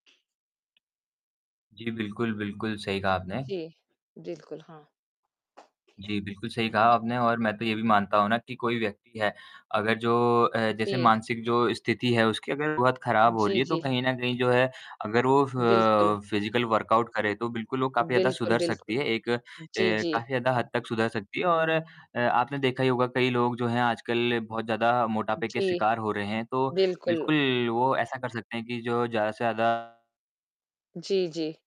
जी बिल्कुल, बिल्कुल सही कहा आपने। जी। बिल्कुल, हाँ। जी, बिल्कुल सही कहा आपने और मैं तो ये भी मानता हूँ ना कि कोई व्यक्ति है अगर जो अ, जैसे जी। मानसिक जो स्थिति है उसकी अगर बहुत खराब हो जी, रही है तो जी। कहीं न कहीं जो है अगर वो बिल्कुल। फ़ फ़िज़िकल वर्कआउट करे तो बिल्कुल वो काफ़ी ज़्यादा बिल्कुल, सुधर बिल्कुल। सकती है। एक जी, ए, जी। काफ़ी ज़्यादा हद तक सुधर सकती है और अ, आपने देखा ही होगा कई लोग जो हैं आजकल बहुत ज़्यादा मोटापे के जी। शिकार हो रहे हैं तो बिल्कुल। बिल्कुल वो ऐसा कर सकते हैं कि जो ज़्यादा से ज़्यादा जी, जी।